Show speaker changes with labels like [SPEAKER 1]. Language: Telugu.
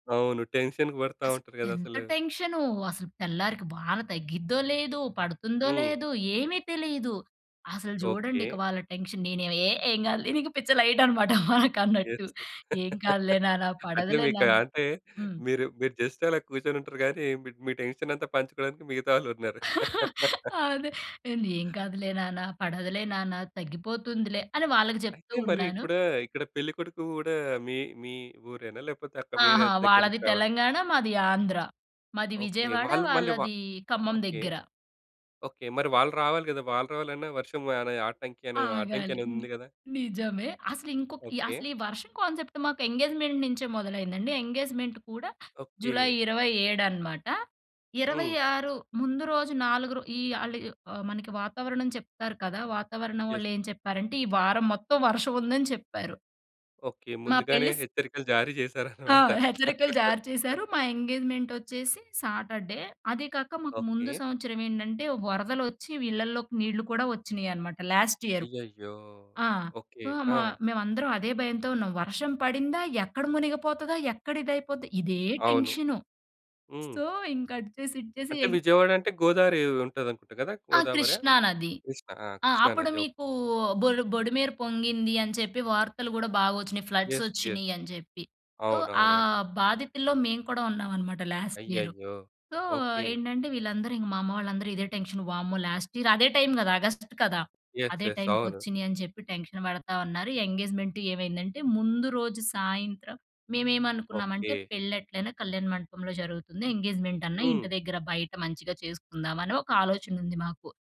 [SPEAKER 1] అవును. టెన్షన్‌కి పడతా
[SPEAKER 2] అస
[SPEAKER 1] ఉంటారు
[SPEAKER 2] ఎంత
[SPEAKER 1] దదసలు.
[SPEAKER 2] టెన్షనో, అసలు తెల్లారికి వాన తగ్గిద్దో లేదో, పడుతుందో
[SPEAKER 1] హ్మ్.
[SPEAKER 2] లేదో ఏమి తెలీదు. అసలు
[SPEAKER 1] ఓకే.
[SPEAKER 2] జూడండి ఇక వాళ్ళ టెన్షన్. నేనేవి ఏ ఏం గాదులే నీకు. పిచ్చ లైటనమాట వారికన్నట్టు.
[SPEAKER 1] ఏత్‌కు
[SPEAKER 2] "ఏం కాదులే నాన్న.
[SPEAKER 1] అంటే.
[SPEAKER 2] పడదులే
[SPEAKER 1] మీకు
[SPEAKER 2] నాన్న."
[SPEAKER 1] అంటే,
[SPEAKER 2] హ్మ్.
[SPEAKER 1] మీరు, మీరు జస్ట్ అలా కూర్చొనుంటరు గానీ, మిడ్ మీ టెన్షనంతా పంచుకోడానికి మిగతా వాళ్ళున్నారు.
[SPEAKER 2] అదే. నేను "ఏం కాదులే నాన్న. పడదులే నాన్న. తగ్గిపోతుందిలే" అని వాళ్ళకి
[SPEAKER 1] అయితే,
[SPEAKER 2] జెప్తూ
[SPEAKER 1] మరి
[SPEAKER 2] ఉన్నాను.
[SPEAKER 1] ఇప్పుడూ ఇక్కడ పెళ్లి కొడుకు గూడా మీ, మీ ఊరేనా? లేపోతే, అక్క వేరే
[SPEAKER 2] ఆహా!
[SPEAKER 1] దగ్గర
[SPEAKER 2] వాళ్ళది
[SPEAKER 1] నించి రావాలా?
[SPEAKER 2] తెలంగాణ. మాది ఆంధ్ర. మాది
[SPEAKER 1] ఓకే.
[SPEAKER 2] విజయవాడ.
[SPEAKER 1] వాళ్ళు మళ్ళీ వ
[SPEAKER 2] వాళ్ళదీ ఖమ్మం
[SPEAKER 1] ఓకే.
[SPEAKER 2] దెగ్గర.
[SPEAKER 1] ఓకే. మరి వాళ్ళు రావాలి గదా! వాళ్ళు రావాలన్న వర్షం అనే ఆటంకి అనేదో
[SPEAKER 2] ఆగాలి. హ్మ్.
[SPEAKER 1] అడ్డంకనేదుంది కదా?
[SPEAKER 2] నిజమే. అసలు ఇంకొక్
[SPEAKER 1] ఓకే.
[SPEAKER 2] అసలీ వర్షం కాన్సెప్ట్ మాకు ఎంగేజ్‌మెంట్ నించే మొదలైందండి. ఎంగేజ్‌మెంట్ కూడా జులై
[SPEAKER 1] ఓకే.
[SPEAKER 2] 27 అనమాట. ఇరవై
[SPEAKER 1] హ్మ్.
[SPEAKER 2] ఆరు ముందు రోజు నాలుగురు, ఈ ఆళ్ళు య్ ఆహ్, మనకి వాతావరణం చెప్తారు కదా! వాతావరణం
[SPEAKER 1] యస్.
[SPEAKER 2] వాళ్ళేం చెప్పారంటే, ఈ వారం మొత్తం వర్షవుందని చెప్పారు.
[SPEAKER 1] ఓకే.
[SPEAKER 2] మా
[SPEAKER 1] ముందుగానే
[SPEAKER 2] పెళ్లి స్
[SPEAKER 1] హెచ్చరికలు జారీ
[SPEAKER 2] ఆ!
[SPEAKER 1] చేశారనమాట.
[SPEAKER 2] హెచ్చరికలు జారీ చేశారు. మా ఎంగేజ్‌మెంటొచ్చేసి సాటర్‌‌డే. అదీ కాక మాకు ముందు
[SPEAKER 1] ఓకే.
[SPEAKER 2] సంవత్సరవేంటంటే, వరదలొచ్చి వి ఇళ్లల్లోకి నీళ్ళు కూడా ఒచ్చినియనమాట లాస్ట్ ఇయరు.
[SPEAKER 1] అయ్యయ్యో!
[SPEAKER 2] ఆ!
[SPEAKER 1] ఓకే.
[SPEAKER 2] ఆ!
[SPEAKER 1] ఆ!
[SPEAKER 2] మా మేవందరం అదే భయంతో ఉన్నాం. వర్షం పడిందా, ఎక్కడ మునిగిపోతదా, ఎక్కడ ఇదయిపోద్దా, ఇదే
[SPEAKER 1] అవును.
[SPEAKER 2] టెన్షను.
[SPEAKER 1] హ్మ్.
[SPEAKER 2] సో, ఇంక అటు చేసి ఇటు చేసి
[SPEAKER 1] అంటే,
[SPEAKER 2] య
[SPEAKER 1] విజయవాడంటే గోదారీ ఉంటదనుకుంటా గదా?
[SPEAKER 2] ఆ!
[SPEAKER 1] గోదావరా?
[SPEAKER 2] కృష్ణా నది.
[SPEAKER 1] కృష్ణ? ఆ!
[SPEAKER 2] ఆ!
[SPEAKER 1] కృష్ణా
[SPEAKER 2] అప్పుడు
[SPEAKER 1] నది. ఓకే.
[SPEAKER 2] మీకూ బొల్ బొడిమేర పొంగింది అని చెప్పి వార్తలు గూడా బాగొచ్చినియి.
[SPEAKER 1] యస్. యస్.
[SPEAKER 2] ఫ్లడ్సొచ్చినియని జెప్పి. సో, ఆ
[SPEAKER 1] అవునవునండి.
[SPEAKER 2] బాధితుల్లో మేము కూడా ఉన్నామనమాట లాస్ట్ ఇయరు.
[SPEAKER 1] అయ్యయ్యో!
[SPEAKER 2] So,
[SPEAKER 1] okay.
[SPEAKER 2] ఏంటంటే, వీళ్ళందరూ, ఇంక మా అమ్మ వాళ్ళందరూ ఇదే టెన్షన్. వామ్మో! లాస్ట్ ఇయర్ అదే టైమ్ గదా! ఆగస్ట్‌కి కదా!
[SPEAKER 1] యస్.
[SPEAKER 2] అదే
[SPEAKER 1] యస్. అవును.
[SPEAKER 2] టైమ్‌కొచ్చినియి అని చెప్పి టెన్షన్ పడతా ఉన్నారు. ఎంగేజ్‌మెంటు ఏమైందంటే, ముందు రోజు సాయంత్రం
[SPEAKER 1] ఓకే.
[SPEAKER 2] మేమేమనుకున్నామంటే, పెళ్లెట్లైనా కళ్యాణ మండపంలో జరుగుతుంది. ఎంగేజ్‌మెంట్ అన్న ఇంటి
[SPEAKER 1] హ్మ్.
[SPEAKER 2] దగ్గర బయట మంచిగా చేసుకుందామనే ఒక ఆలోచనుంది మాకు.